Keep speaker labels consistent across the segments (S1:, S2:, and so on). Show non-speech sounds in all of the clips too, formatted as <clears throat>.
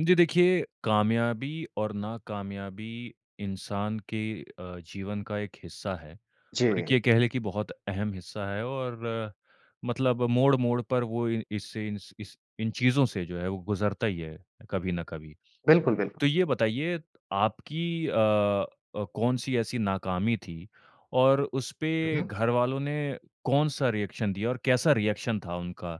S1: जी, देखिए, कामयाबी और नाकामयाबी इंसान के अ, जीवन का एक हिस्सा है और
S2: जी।
S1: ये कह लें कि बहुत अहम हिस्सा है और मतलब मोड़-मोड़ पर वो इ इससे इन्स इस इन चीज़ों से जो है, वो गुज़रता ही है कभी न कभी,
S2: बिल्कुल,
S1: तो
S2: बिल्कुल।
S1: ये बताइए, आपकी अ अ, कौन-सी ऐसी नाकामी थी और
S2: हुँ,
S1: उसपे
S2: हुँ।
S1: घरवालों ने कौन-सा रिएक्शन दिया और कैसा रिएक्शन था उनका?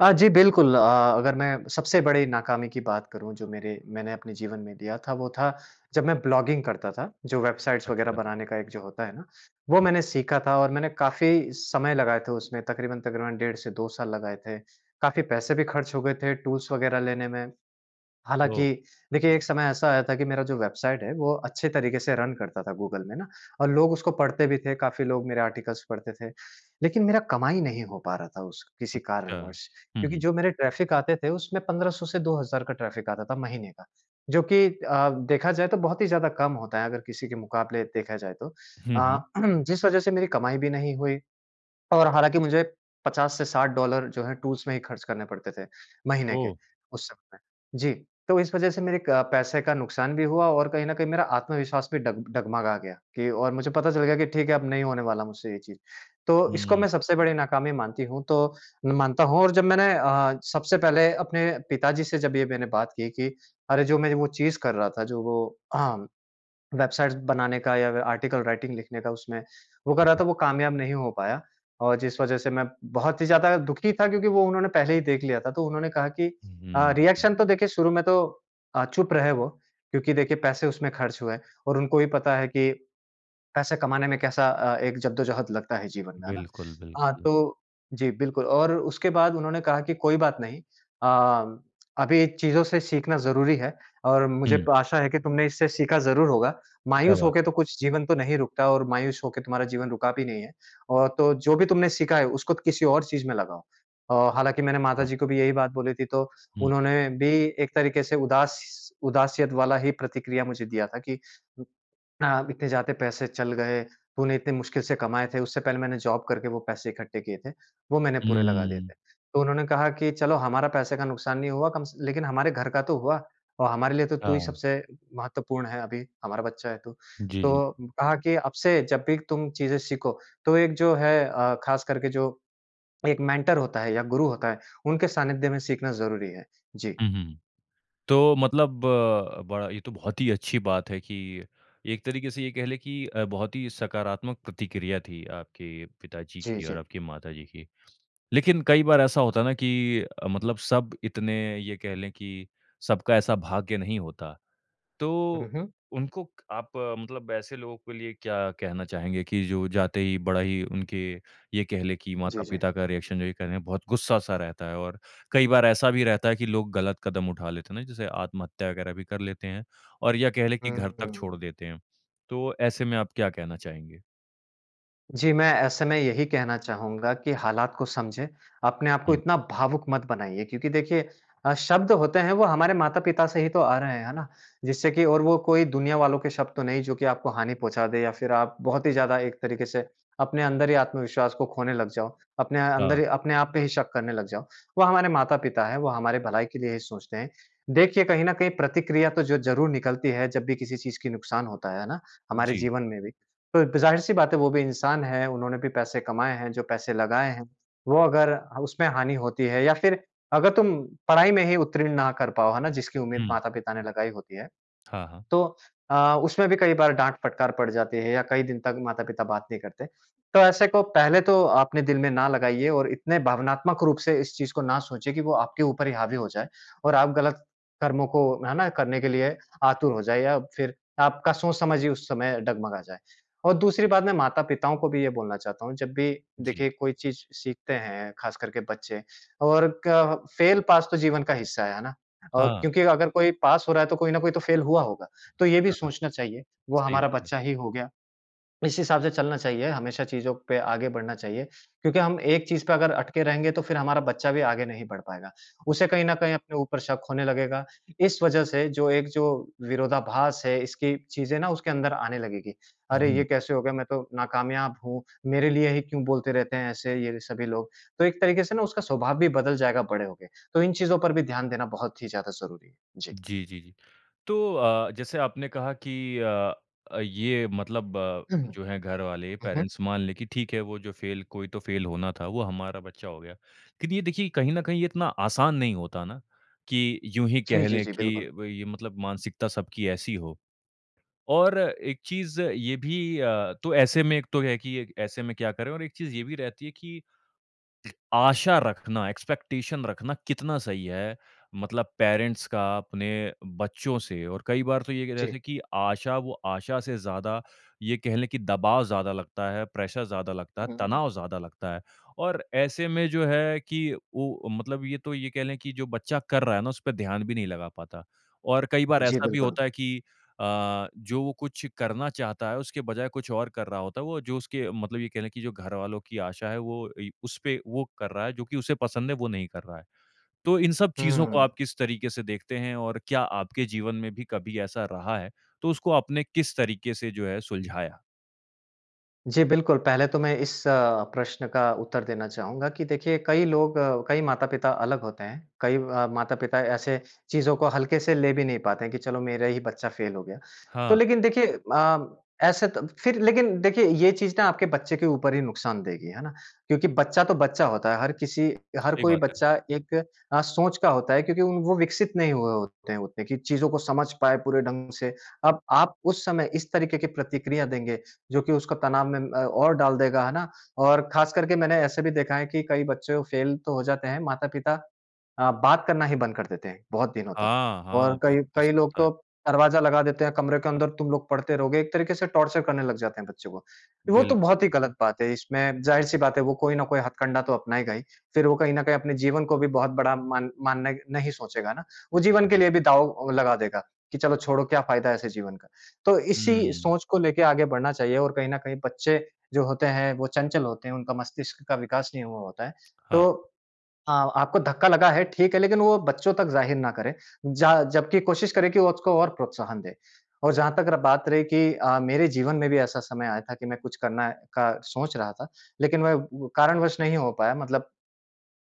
S2: अ, जी, बिल्कुल अ, अगर मैं सबसे बड़ी नाकामी की बात करूँ, जो मेरे मैंने अपने जीवन में दिया था, वो था, जब मैं ब्लॉगिंग करता था, जो वेबसाइट्स वगैरह
S1: अच्छा।
S2: बनाने का एक जो होता है ना, वो मैंने सीखा था और मैंने काफ़ी समय लगाए थे उसमें, तकरीबन-तकरीबन डेढ़ से 2 साल लगाए थे। काफ़ी पैसे भी खर्च हो गए थे टूल्स वगैरह लेने में,
S1: ओह!
S2: हालाँकि देखिए, एक समय ऐसा आया था कि मेरा जो वेबसाइट है, वो अच्छे तरीके से रन करता था गूगल में ना और लोग उसको पढ़ते भी थे, काफ़ी लोग मेरे आर्टिकल्स पढ़ते थे। लेकिन मेरा कमाई नहीं हो पा रहा था उस किसी
S1: अच्छा।
S2: कारणवश
S1: हुँ,
S2: क्योंकि
S1: हुँ।
S2: जो मेरे ट्रैफ़िक आते थे, उसमें 1500 से 2000 का ट्रैफ़िक आता था महीने का, जो कि अ, देखा जाए, तो बहुत ही ज़्यादा कम होता है, अगर किसी के मुकाबले देखा जाए तो।
S1: हुँ,
S2: अ,
S1: हुँ।
S2: <clears throat> जिस वज़ह से मेरी कमाई भी नहीं हुई और हालाँकि मुझे 50 से $60 जो हैं, टूल्स में ही खर्च करने पड़ते थे, महीने के,
S1: ओह!
S2: उस समय। जी। तो इस वज़ह से मेरे एक पैसे का नुकसान भी हुआ और कहीं न कहीं मेरा आत्मविश्वास भी डब डगमगा गया कि और मुझे पता चल गया कि, ठीक है, अब नहीं होने वाला मुझसे ये चीज़। तो इसको मैं
S1: हुँ।
S2: सबसे बड़ी नाकामी मानती हूँ, तो मैं मानता हूँ और जब मैंने अ, सबसे पहले अपने पिताजी से जब ये मैंने बात की कि, "अरे! जो मैं वो चीज़ कर रहा था, जो वो <clears throat> वेबसाइट्स बनाने का या फिर आर्टिकल राइटिंग लिखने का उसमें, वो कर
S1: हाँ,
S2: रहा
S1: हुँ।
S2: था, वो कामयाब नहीं हो पाया।" और जिस वज़ह से मैं बहुत ही ज़्यादा दुखी था क्योंकि वो उन्होंने पहले ही देख लिया था। तो उन्होंने कहा कि अ,
S1: हुँ।
S2: रिएक्शन तो देखिए, शुरू में तो अ, चुप रहे वो क्योंकि देखिए, पैसे उसमें खर्च हुए और उनको भी पता है कि पैसे कमाने में कैसा अ, एक ज़द्दोज़हद लगता है जीवन में। है ना?
S1: बिल्कुल,
S2: हाँ,
S1: बिल्कुल।
S2: तो जी, बिल्कुल और उसके बाद उन्होंने कहा कि, "कोई बात नहीं। अ, अभी चीज़ों से सीखना ज़रूरी है और मुझे
S1: हुँ।
S2: आशा है कि तुमने इससे सीखा ज़रूर होगा।
S1: क्या
S2: मायूस हो के
S1: बात।
S2: तो कुछ जीवन तो नहीं रुकता और मायूस होके तुम्हारा जीवन रुका भी नहीं है और तो जो भी तुमने सीखा है, उसको किसी और चीज़ में लगाओ।" अ, हालाँकि मैंने
S1: अच्छा।
S2: माताजी को भी यही बात बोली थी, तो
S1: हुँ।
S2: उन्होंने भी एक तरीके से उदास उदासियत वाला ही प्रतिक्रिया मुझे दिया था कि अ, "इतने ज़्यादे पैसे चल गए, तूने इतने मुश्किल से कमाए थे।" उससे पहले मैंने जॉब करके वो पैसे इकट्ठे किए थे, वो मैंने पूरे लगा दिए थे।
S1: हुँ।
S2: तो उन्होंने कहा कि, "चलो, हमारा पैसे का नुकसान नहीं हुआ कम स लेकिन हमारे घर का तो हुआ और हमारे लिए तो तू ही
S1: हाँ।
S2: सबसे महत्वपूर्ण है अभी। हमारा बच्चा है तू।"
S1: जी, जी।
S2: तो कहा कि, "अब से जब भी तुम चीज़ें सीखो, तो एक जो है अ, खासकर के जो एक मेंटर होता है या गुरु होता है, उनके सानिध्य में सीखना ज़रूरी है।" जी।
S1: हुँ, हुँ, हुँ। तो मतलब अ, बड़ा ये तो बहुत ही अच्छी बात है कि एक तरीके से ये कह लें कि अ, बहुत ही सकारात्मक प्रतिक्रिया थी आपके पिताजी
S2: जी,
S1: की और
S2: जी।
S1: आपकी माताजी की, लेकिन कई बार ऐसा होता है ना कि अ, मतलब सब इतने, ये कह लें कि सबका ऐसा भाग्य नहीं होता।
S2: हुँ,
S1: तो
S2: हुँ।
S1: उनको क आप मतलब ऐसे लोगों के लिए क्या कहना चाहेंगे कि जो जाते ही बड़ा ही उनके, ये कह लें कि
S2: जी, जी।
S1: माता-पिता का रिएक्शन जो ये कह लें, बहुत गुस्सा-सा रहता है और कई बार ऐसा भी रहता है कि लोग गलत कदम उठा लेते हैं ना, जैसे आत्महत्या वगैरह भी कर लेते हैं और या कह लें कि घर
S2: हुँ,
S1: तक छोड़
S2: हुँ।
S1: देते हैं। तो ऐसे में आप क्या कहना चाहेंगे?
S2: जी मैं ऐसे में यही कहना चाहूँगा कि हालात को समझें। अपने आपको
S1: हुँ।
S2: इतना भावुक मत बनाइए क्योंकि देखिए अ, शब्द होते हैं वो हमारे माता-पिता से ही तो आ रहे हैं, है ना? जिससे कि और वो कोई दुनिया वालों के शब्द तो नहीं जो कि आपको हानि पहुँचा दे या फ़िर आप बहुत ही ज़्यादा एक तरीके से अपने अंदर ही आत्मविश्वास को खोने लग जाओ, अपने अंदर,
S1: हाँ।
S2: अपने आप पे ही शक करने लग जाओ। वो हमारे माता-पिता हैं, वो हमारे भलाई के लिए ही सोचते हैं, देखिए कहीं न कहीं प्रतिक्रिया तो जो ज़रूर निकलती है जब भी किसी चीज़ की नुकसान होता है, है ना? हमारे
S1: जी।
S2: जीवन में भी। तो ज़ाहिर सी बात है वो भी इंसान है उन्होंने भी पैसे कमाए हैं, जो पैसे लगाए हैं वो अगर उसमें हानि होती है या फ़िर अगर तुम पढ़ाई में ही उत्तीर्ण ना कर पाओ, है ना? जिसकी उम्मीद
S1: हुँ।
S2: माता-पिता ने लगाई होती है।
S1: हाँ, हाँ।
S2: तो अ, उसमें भी कई बार डाँट, फटकार पड़ जाती है या कई दिन तक माता-पिता बात नहीं करते। तो ऐसे को पहले तो अपने दिल में ना लगाइए और इतने भावनात्मक रूप से इस चीज़ को ना सोचिए कि वो आपके ऊपर ही हावी हो जाए और आप गलत कर्मों को है ना? करने के लिए आतुर हो जाए या फ़िर आपका सोच-समझ ही उस समय डगमगा जाए। और दूसरी बात मैं माता-पिताओं को भी ये बोलना चाहता हूँ, जब भी
S1: जी।
S2: देखिए कोई चीज़ सीखते हैं ख़ास करके बच्चे और क फेल पास तो जीवन का हिस्सा है, है ना? और
S1: हाँ।
S2: क्योंकि अगर कोई पास हो रहा है तो कोई ना कोई तो फेल हुआ होगा। तो ये भी
S1: <unintelligible>
S2: सोचना चाहिए वो
S1: सही
S2: हमारा
S1: बात है।
S2: बच्चा ही हो गया इसी हिसाब से चलना चाहिए हमेशा चीज़ों पे आगे बढ़ना चाहिए। क्योंकि हम एक चीज़ पर अगर अटके रहेंगे तो फ़िर हमारा बच्चा भी आगे नहीं बढ़ पाएगा उसे कहीं न कहीं अपने ऊपर शक होने लगेगा। इस वजह से जो एक जो विरोधाभास है इसकी चीज़ें ना उसके अंदर आने लगेगी। अरे!
S1: हुँ।
S2: ये कैसे हो गया मैं तो नाकामयाब हूँ मेरे लिए ही क्यों बोलते रहते हैं? ऐसे ये सभी लोग, तो एक तरीके से ना उसका स्वभाव भी बदल जाएगा बड़े हो के। तो इन चीज़ों पर भी ध्यान देना बहुत ही ज़्यादा ज़रूरी है। जी।
S1: जी, जी, जी। तो अ, जैसे आपने कहा कि अ अ, ये मतलब अ,
S2: हुँ।
S1: जो है घरवाले
S2: हुँ, हुँ।
S1: पेरेंट्स मान लें कि ठीक है वो जो फेल कोई तो फेल होना था वो हमारा बच्चा हो गया। लेकिन ये देखिए कहीं न कहीं ये इतना आसान नहीं होता ना कि यूँ ही
S2: जी,
S1: कह
S2: जी,
S1: ले
S2: जी,
S1: कि
S2: बिल्कुल।
S1: वही मतलब मानसिकता सबकी ऐसी हो। और एक चीज़ ये भी अ, तो ऐसे में एक तो है कि ऐसे में क्या करे? और एक चीज़ ये भी रहती है कि आशा रखना, एक्सपेक्टेशन रखना कितना सही है मतलब पेरेंट्स का अपने बच्चों से? और कई बार तो ये कह
S2: जी।
S1: रहे कि आशा वो आशा से ज़्यादा ये कहले कि दबाव ज़्यादा लगता है, प्रेशर ज़्यादा लगता है,
S2: हुँ, हुँ।
S1: तनाव ज़्यादा लगता है और ऐसे में जो है कि वो मतलब ये तो ये कह ले कि जो बच्चा कर रहा है ना उसपे ध्यान भी नहीं लगा पाता। और कई बार
S2: जी,
S1: ऐसा भी
S2: बिल्कुल।
S1: होता है कि अ, जो वो कुछ करना चाहता है उसके बजाय कुछ और कर रहा होता है। वो जो उसके मतलब ये कह रहे कि जो घरवालों कि आशा है वो ए उसपे वो कर रहा है जो कि उसे पसंद है वो नहीं कर रहा है। तो इन सब चीज़ों को
S2: हुँ।
S1: आप किस तरीके से देखते हैं? और क्या आपके जीवन में भी कभी ऐसा रहा है, तो उसको आपने किस तरीके से जो है सुलझाया?
S2: जी, बिल्कुल। पहले तो मैं इस अ, प्रश्न का उत्तर देना चाहूँगा कि देखिए, कई लोग अ, कई माता-पिता अलग होते हैं। कई अ, माता-पिता ऐसे चीज़ों को हल्के से ले भी नहीं पाते हैं, कि चलो मेरा ही बच्चा फेल हो गया। तो
S1: हाँ।
S2: लेकिन देखिए अ, ऐसे तो फिर लेकिन देखिए, ये चीज़ ना आपके बच्चे के ऊपर ही नुकसान देगी। है ना? क्योंकि बच्चा तो बच्चा होता है। हर किसी हर
S1: सही
S2: कोई
S1: बात है।
S2: बच्चा एक अ, सोच का होता है, क्योंकि वो विकसित नहीं हुए होते हैं उतने की चीज़ों को समझ पाएँ पूरे ढंग से। अब आप उस समय इस तरीके की प्रतिक्रिया देंगे, जो कि उसका तनाव में अ, और डाल देगा, है ना? और ख़ास करके मैंने ऐसे भी देखा है कि कई वो बच्चे फेल तो हो जाते हैं, माता-पिता अ, बात करना ही बंद कर देते हैं, बहुत दिनों तक।
S1: हाँ, हाँ
S2: और
S1: क
S2: कई कई
S1: ऐसा
S2: लोग
S1: होता है।
S2: तो दरवाजा लगा देते हैं, कमरे के अंदर तुम लोग पढ़ते रहोगे। एक तरीके से टॉर्चर करने लग जाते हैं बच्चे को। वो तो बहुत
S1: बिल्कुल।
S2: ही गलत बात है, इसमें ज़ाहिर सी बात है, वो कोई ना कोई हथकंडा तो अपनाएगा ही। फिर वो कहीं न कहीं अपने जीवन को भी बहुत बड़ा मान मान्य नहीं सोचेगा ना। वो जीवन के लिए भी दाव लगा देगा, कि चलो छोड़ो क्या फ़ायदा ऐसे जीवन का। तो इसी
S1: हुँ।
S2: सोच को लेके आगे बढ़ना चाहिए और कहीं न कहीं बच्चे, जो होते हैं वो चंचल होते हैं, उनका मस्तिष्क का विकास नहीं हुआ होता है।
S1: हाँ।
S2: तो अ, आपको धक्का लगा है, ठीक है लेकिन वो बच्चों तक ज़ाहिर ना करे, जा जबकि कोशिश करें कि उसको और प्रोत्साहन दें। और जहाँ तक र बात रही कि अ, मेरे जीवन में भी ऐसा समय आया था कि मैं कुछ करने का सोच रहा था, लेकिन वह कारण वश नहीं हो पाया मतलब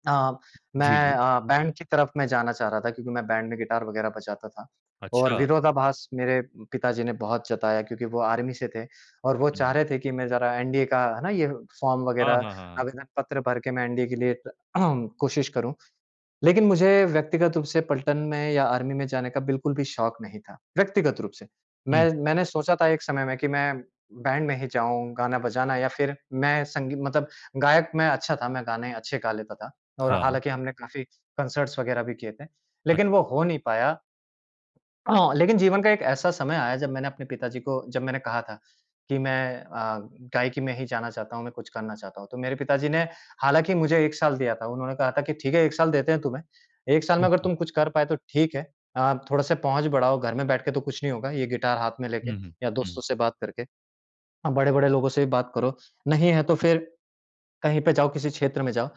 S2: अ,
S1: जी,
S2: मैं
S1: जी।
S2: अ, बैंड की तरफ में जाना चाह रहा था, क्योंकि मैं बैंड में गिटार वगैरह बजाता था और
S1: अच्छा।
S2: विरोधाभास मेरे पिताजी ने बहुत जताया क्योंकि वो आर्मी से थे और वो चाह
S1: हुँ।
S2: रहे थे कि मैं जरा एनडीए का, है ना, ये फॉर्म
S1: हाँ,
S2: वगैरह
S1: हाँ, हाँ, हाँ।
S2: आवेदन पत्र भर के मैं एनडीए के लिए <clears throat> कोशिश करूँ। लेकिन मुझे व्यक्तिगत रूप से पलटन में या आर्मी में जाने का बिल्कुल भी शौक नहीं था, व्यक्तिगत रूप से।
S1: हुँ।
S2: मैं मैंने सोचा था एक समय में कि मैं बैंड में ही जाऊँ, गाना बजाना या फिर मैं संगी मतलब गायक में अच्छा था, मैं गाने अच्छे गा लेता था। और
S1: हाँ।
S2: हालाँकि हमने काफ़ी कॉन्सर्ट वगैरह भी किए थे, लेकिन
S1: अच्छा।
S2: वो हो नहीं पाया। <clears throat> लेकिन जीवन का एक ऐसा समय आया जब मैंने अपने पिताजी को, जब मैंने कहा था कि मैं अ, गायकी में ही जाना चाहता हूँ, मैं कुछ करना चाहता हूँ। तो मेरे पिताजी ने हालाँकि मुझे 1 साल दिया था, उन्होंने कहा था कि ठीक है 1 साल देते हैं तुम्हें, 1 साल में
S1: हुँ,
S2: अगर
S1: हुँ।
S2: तुम कुछ कर पाए तो ठीक है। अ, थोड़े-से पहुँच बढ़ाओ, घर में बैठ के तो कुछ नहीं होगा ये गिटार हाथ में लेके
S1: हुँ, हुँ।
S2: या
S1: हुँ।
S2: दोस्तों से बात करके। आप बड़े-बड़े लोगों से भी बात करो, नहीं है, तो फिर कहीं पे जाओ, किसी क्षेत्र में जाओ।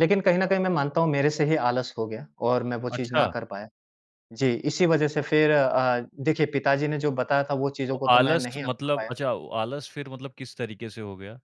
S2: लेकिन कहीं न कहीं मैं मानता हूँ मेरे से ही आलस हो गया और मैं वो चीज़ ना
S1: अच्छा।
S2: कर पाया। जी, इसी वजह से फिर अ, देखिए पिताजी ने जो बताया था, वो
S1: तो
S2: चीज़ों को तो मैं
S1: आलस
S2: नहीं अपना
S1: मतलब
S2: पाया।
S1: अच्छा, आलस फिर मतलब किस तरीके से हो गया?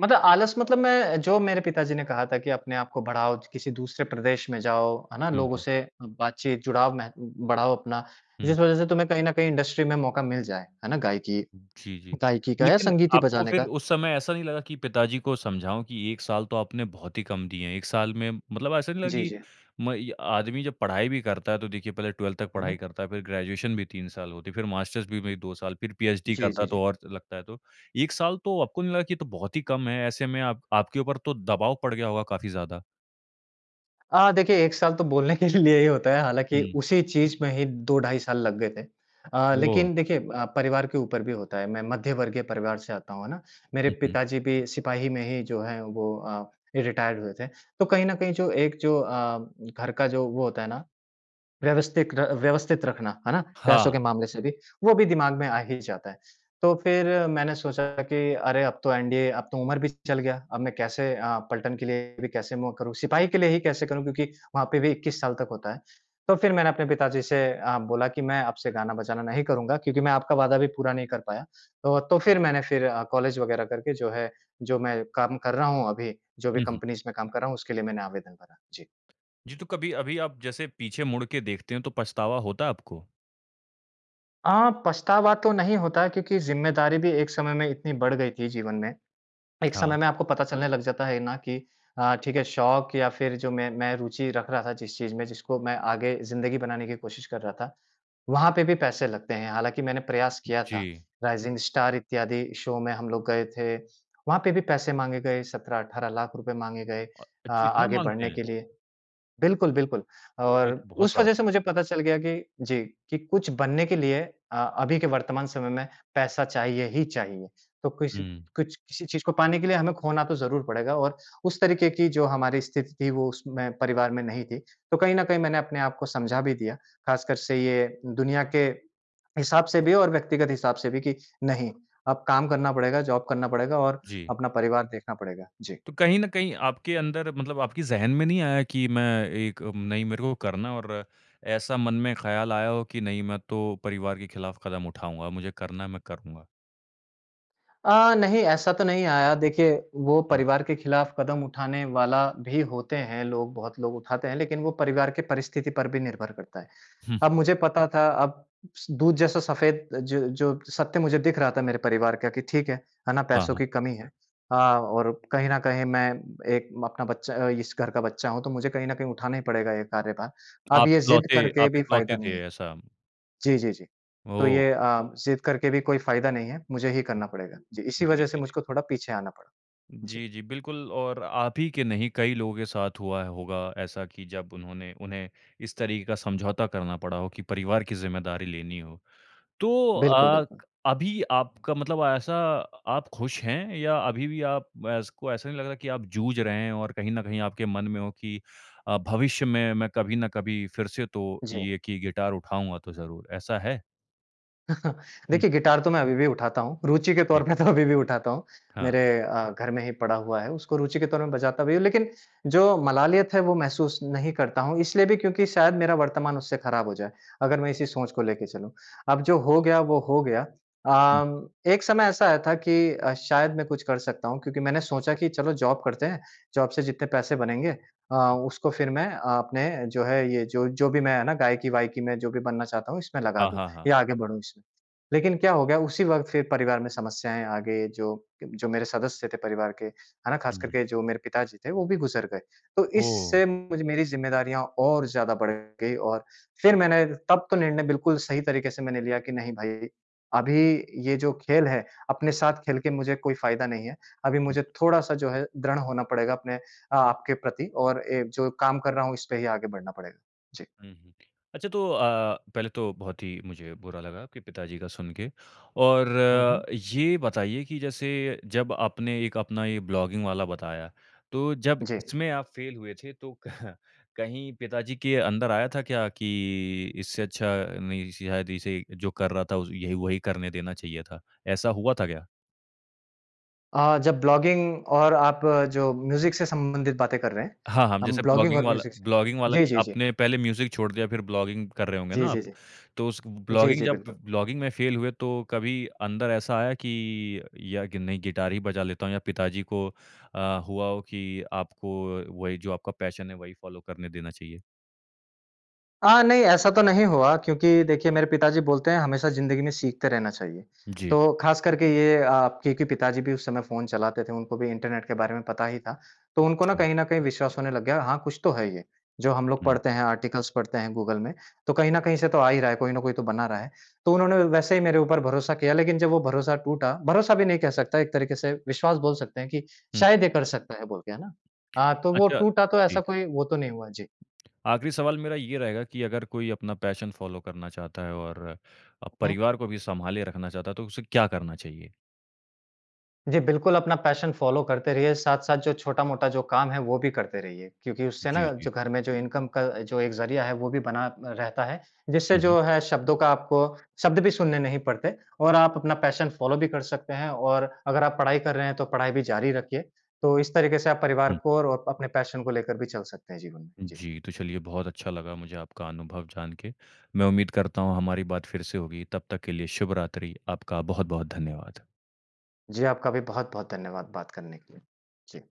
S2: मतलब आलस मतलब मैं जो मेरे पिताजी ने कहा था कि अपने आपको बढ़ाओ, च किसी दूसरे प्रदेश में जाओ, है ना?
S1: हुँ,
S2: लोगों
S1: हुँ।
S2: से बातचीत जुड़ाव मेह बढ़ाओ अपना।
S1: हुँ।
S2: जिस वज़ह से तुम्हें कहीं न कहीं इंडस्ट्री में मौक़ा मिल जाए, है ना? गायिकी
S1: जी, जी।
S2: गायिकी का या
S1: लेकिन
S2: संगीत ही
S1: आपको
S2: बजाने
S1: फिर
S2: का।
S1: उस समय ऐसा नहीं लगा कि पिताजी को समझाऊँ कि 1 साल तो आपने बहुत ही कम दिए हैं। 1 साल में मतलब ऐसा नहीं लगा
S2: जी,
S1: कि
S2: जी।
S1: म इ आदमी जब पढ़ाई भी करता है, तो देखिए, पहले 12th तक
S2: हुँ,
S1: पढ़ाई
S2: हुँ।
S1: करता है फिर ग्रेजुएशन भी 3 साल होती है, फिर मास्टर्स भी में 2 साल, फिर पीचडी
S2: जी, जी,
S1: करता
S2: जी।
S1: तो और लगता है। तो 1 साल तो आपको नहीं लगा कि ये तो बहुत ही कम है। ऐसे में आप आपके ऊपर तो दबाव पड़ गया होगा काफ़ी ज़्यादा।
S2: अ, देखिए 1 साल तो बोलने के लिए ही होता है। हालाँकि
S1: हुँ।
S2: उसी चीज़ में ही 2 ढाई साल लग गए थे। अ,
S1: ओह!
S2: लेकिन देखिए अ, परिवार के ऊपर भी होता है, मैं मध्य वर्गीय परिवार से आता हूँ, है ना। मेरे
S1: हुँ, हुँ।
S2: पिताजी भी सिपाही में ही जो है वो अ, रिटायर्ड हुए थे। तो कहीं न कहीं जो एक जो अ, घर का जो वो होता है ना, व्यवस्थित र व्यवस्थित रखना, है ना, पैसों के
S1: हाँ।
S2: मामले से भी, वो भी दिमाग में आ ही जाता है। तो फिर मैंने सोचा कि अरे अब तो, एनडीए अब तो उम्र भी चल गया, अब मैं कैसे अ, पलटन के लिए भी कैसे मौक करूँ, सिपाही के लिए ही कैसे करूँ, क्योंकि वहाँ पे भी 21 साल तक होता है। तो फिर मैंने अपने पिताजी से अ, बोला कि मैं अब से गाना-बजाना नहीं करूँगा, क्योंकि मैं आपका वादा भी पूरा नहीं कर पाया। तो तो, फिर मैंने फिर अ, कॉलेज वग़ैरह करके जो है, जो मैं काम कर रहा हूँ अभी, जो भी
S1: हुँ, हुँ।
S2: कंपनीज़ में काम कर रहा हूँ, उसके लिए मैंने आवेदन भरा। जी।
S1: जी। तो कभी अभी आप जैसे पीछे मुड़ के देखते हैं, तो पछतावा होता है, आपको?
S2: अ, पछतावा तो नहीं होता क्योंकि, ज़िम्मेदारी भी एक समय में इतनी बढ़ गई थी जीवन में। एक समय
S1: हाँ।
S2: में आपको पता चलने लग जाता है ना कि अ, ठीक है शौक़ या फिर जो मैं मैं रूचि रख रहा था जिस चीज़ में जिसको मैं आगे ज़िंदगी बनाने की कोशिश कर रहा था। वहाँ पे भी पैसे लगते हैं। हालाँकि मैंने प्रयास किया था।
S1: जी।
S2: राइजिंग स्टार इत्यादि शो में हम लोग गए थे। वहाँ पे भी पैसे माँगे गए, ₹17,00,000-₹18,00,000 रुपए माँगे गए अ,
S1: अ-अच्छ इतना
S2: आगे
S1: माँगते
S2: बढ़ने
S1: हैं?
S2: के लिए। बिल्कुल, बिल्कुल
S1: ओह! ये
S2: और
S1: तो बहुत
S2: उस वजह से
S1: ज़्यादा है।
S2: मुझे पता चल गया कि, जी, कि कुछ बनने के लिए अ, अभी के वर्तमान समय में पैसा चाहिए ही चाहिए। तो कुछ,
S1: हुँ।
S2: कुछ किसी चीज़ को पाने के लिए हमें खोना तो ज़रूर पड़ेगा और उस तरीके की जो हमारी स्थिति थी, वो उसमें परिवार में नहीं थी। तो कहीं न कहीं मैंने अपने आप को समझा भी दिया। ख़ासकर से ये दुनिया के, हिसाब से भी और व्यक्तिगत हिसाब से भी कि नहीं। अब काम करना पड़ेगा, जॉब करना पड़ेगा, और
S1: जी।
S2: अपना परिवार देखना पड़ेगा। जी।
S1: तो कहीं न कहीं आपके अंदर मतलब आपकी ज़हन में नहीं आया की मैं एक म नहीं मेरे को करना है। और ऐसा मन में ख़्याल आया हो कि नहीं मैं तो परिवार के खिलाफ़ कदम उठाऊँगा मुझे करना है, मैं करूँगा?
S2: अ, नहीं ऐसा तो नहीं आया। देखिए वो
S1: हुँ।
S2: परिवार के खिलाफ कदम उठाने वाला भी होते हैं लोग, बहुत लोग उठाते हैं, लेकिन वो परिवार की परिस्थिति पर भी निर्भर करता है। अब
S1: <chuckles>
S2: मुझे पता था अब स दूध जैसा सफेद जो जो सत्य मुझे दिख रहा था मेरे परिवार का कि ठीक है, है ना?
S1: हाँ,
S2: पैसों
S1: हाँ।
S2: की कमी है। हाँ और कहीं न कहीं मैं एक अपना बच्चा अ, इस घर का बच्चा हूँ तो मुझे कहीं न कहीं उठाना ही पड़ेगा ये कार्यभार। अब
S1: आप
S2: ये जिद्द
S1: इकलौते
S2: करके
S1: आप
S2: भी फ़ायदा
S1: इकलौते
S2: नहीं
S1: थे
S2: है।
S1: ऐसा?
S2: जी, जी, जी। तो
S1: ओह!
S2: ये अ, जिद्द करके भी कोई फ़ायदा नहीं है। मुझे ही करना पड़ेगा। जी, इसी
S1: जी,
S2: वजह से
S1: जी, जी।
S2: मुझको थोड़ा पीछे आना पड़ा। जी।
S1: जी, जी, बिल्कुल और आप ही के नहीं, कई लोगों के साथ हुआ है होगा ऐसा कि जब उन्होंने उन्हें इस तरीके का समझौता करना पड़ा हो कि परिवार की ज़िम्मेदारी लेनी हो। तो
S2: बिल्कुल,
S1: अ,
S2: बिल्कुल।
S1: अभी आपका मतलब ऐसा आप खुश हैं या अभी भी आप ऐस को ऐसा नहीं लग रहा कि आप जूझ रहे हैं और कहीं न कहीं आपके मन में हो कि अ, भविष्य में मैं कभी ना कभी फिर से तो
S2: जी।
S1: ये कि गिटार उठाऊँगा तो ज़रूर, ऐसा है?
S2: <chuckles>
S1: हुँ।
S2: देखिए, गिटार तो मैं अभी भी उठाता हूँ। रुचि के तौर
S1: जी।
S2: पे तो अभी भी उठाता हूँ।
S1: हाँ।
S2: मेरे अ, घर में ही पड़ा हुआ है। उसको रुचि के तौर में बजाता भी हूँ लेकिन जो मलालियत है, वो महसूस नहीं करता हूँ। इसलिए भी क्योंकि शायद मेरा वर्तमान उससे खराब हो जाए, अगर मैं इसी सोच को लेके चलूँ, अब जो हो गया वो हो गया।
S1: हुँ।
S2: अ, एक समय ऐसा आया था कि अ, शायद मैं कुछ कर सकता हूँ क्योंकि मैंने सोचा कि चलो जॉब करते हैं। जॉब से जितने पैसे बनेंगे अ, उसको फिर मैं अपने जो है, ये जो जो भी मैं है ना? गायकी-वायकी में जो भी बनना चाहता हूँ, इसमें लगा
S1: हाँ,
S2: दूँ
S1: हाँ, हाँ।
S2: या आगे बढ़ूँ इसमें। लेकिन क्या हो गया उसी वक़्त फिर परिवार में समस्याएँ आ गई। जो, जो मेरे सदस्य थे परिवार के, है ना?
S1: हुँ,
S2: ख़ासकर
S1: हुँ।
S2: के जो मेरे पिताजी थे, वो भी गुज़र गए। तो
S1: ओह!
S2: इससे मेरी जिम्मेदारियाँ और ज़्यादा बढ़ गई और फिर मैंने तब तो निर्णय बिल्कुल सही तरीके से मैंने लिया कि नहीं, भाई अभी ये जो खेल है, अपने साथ खेल के मुझे कोई फ़ायदा नहीं है। अभी
S1: हुँ, हुँ।
S2: मुझे थोड़ा-सा जो है दृढ़ होना पड़ेगा अपने अ, आपके प्रति और एक जो काम कर रहा हूँ, इस पे ही आगे बढ़ना पड़ेगा। जी।
S1: हुँ, हुँ। अच्छा तो अ, पहले तो बहुत ही मुझे बुरा लगा आपके पिता जी का सुनके, और
S2: हुँ, हुँ।
S1: ये बताइए कि जैसे जब आपने एक अपना ये ब्लॉगिंग वाला बताया, तो जब
S2: जी।
S1: इसमें आप फेल हुए थे तो <chuckles> कहीं पिताजी के अंदर आया था क्या कि, इससे अच्छा नहीं शायद इसे जो कर रहा था उज ये, वही करने देना चाहिए था, ऐसा हुआ था क्या?
S2: अ, जब ब्लॉगिंग और आप जो म्यूज़िक से संबंधित बातें कर रहे हैं,
S1: हाँ, हाँ।
S2: अम
S1: जैसे
S2: ब्लॉगिंग
S1: ब्लॉगिंग
S2: और
S1: वाला
S2: म्यूज़िक से
S1: ब्लॉगिंग वाला
S2: जी,
S1: कि
S2: जी, जी।
S1: आपने पहले म्यूज़िक छोड़ दिया फ़िर ब्लॉगिंग कर रहे होंगे
S2: जी,
S1: ना
S2: जी,
S1: आप।
S2: जी।
S1: तो उस
S2: जी,
S1: ब्लॉगिंग
S2: जी,
S1: जब
S2: बिल्कुल।
S1: ब्लॉगिंग में फेल हुए तो कभी अंदर ऐसा आया कि या कि नहीं गिटार ही बजा लेता हूँ। या पिताजी को अ, हुआ हो की आपको वही जो आपका पैशन है वही फ़ॉलो करने देना चाहिए?
S2: अ, नहीं ऐसा तो नहीं हुआ क्योंकि देखिए मेरे पिताजी बोलते हैं हमेशा ज़िंदगी में सीखते रहना चाहिए।
S1: जी।
S2: तो ख़ास करके ये अ, क्योंकि पिताजी भी उस समय फ़ोन चलाते थे, उनको भी इंटरनेट के बारे में पता ही था। तो उनको ना
S1: अच्छा।
S2: कहीं न कहीं विश्वास होने लग गया। हाँ, कुछ तो है ये जो हम लोग पढ़ते
S1: हुँ।
S2: हैं, आर्टिकल्स पढ़ते हैं, गूगल में। तो कहीं न कहीं से तो आ ही रहा है, कोई न कोई तो बना रहा है। तो उन्होंने व वैसे ही मेरे ऊपर भरोसा किया लेकिन जब वो भरोसा टूटा भरोसा भी नहीं कह सकता। एक तरीके से विश्वास बोल सकते हैं कि
S1: हुँ।
S2: शायद ये कर सकता है बोलके है ना?
S1: <smacks lips>
S2: हाँ, तो वो
S1: अच्छा
S2: टूटा तो ऐसा
S1: ठीक।
S2: कोई वो तो नहीं हुआ। जी।
S1: आखरी सवाल मेरा ये रहेगा कि अगर कोई अपना पैशन फ़ॉलो करना चाहता है और अ,
S2: हुँ।
S1: परिवार को भी सँभाले रखना चाहता है। तो उसे क्या करना चाहिए?
S2: जी। बिल्कुल अपना पैशन फ़ॉलो करते रहिए, साथ-साथ जो छोटा-मोटा जो काम है वो भी करते रहिए। क्योंकि उससे ना
S1: जी, जी।
S2: जो घर में जो इनकम का जो एक ज़रिया है वो भी बना अ, रहता है। जिससे
S1: हुँ, हुँ।
S2: जो है शब्दों का आपको शब्द भी सुनने नहीं पड़ते और आप अपना पैशन फ़ॉलो भी कर सकते हैं। और अगर आप पढ़ाई कर रहे हैं तो पढ़ाई भी ज़ारी रखिए। तो इस तरीके से आप परिवार
S1: हुँ।
S2: को और अपने पैशन को लेकर भी चल सकते हैं जीवन में। जी।
S1: जी। तो चलिए बहुत अच्छा लगा मुझे आपका अनुभव जान के। मैं उम्मीद करता हूँ हमारी बात फ़िर से होगी तब तक के लिए शुभ रात्रि। आपका बहुत-बहुत धन्यवाद।
S2: जी, आपका भी बहुत-बहुत धन्यवाद बात करने के लिए। जी।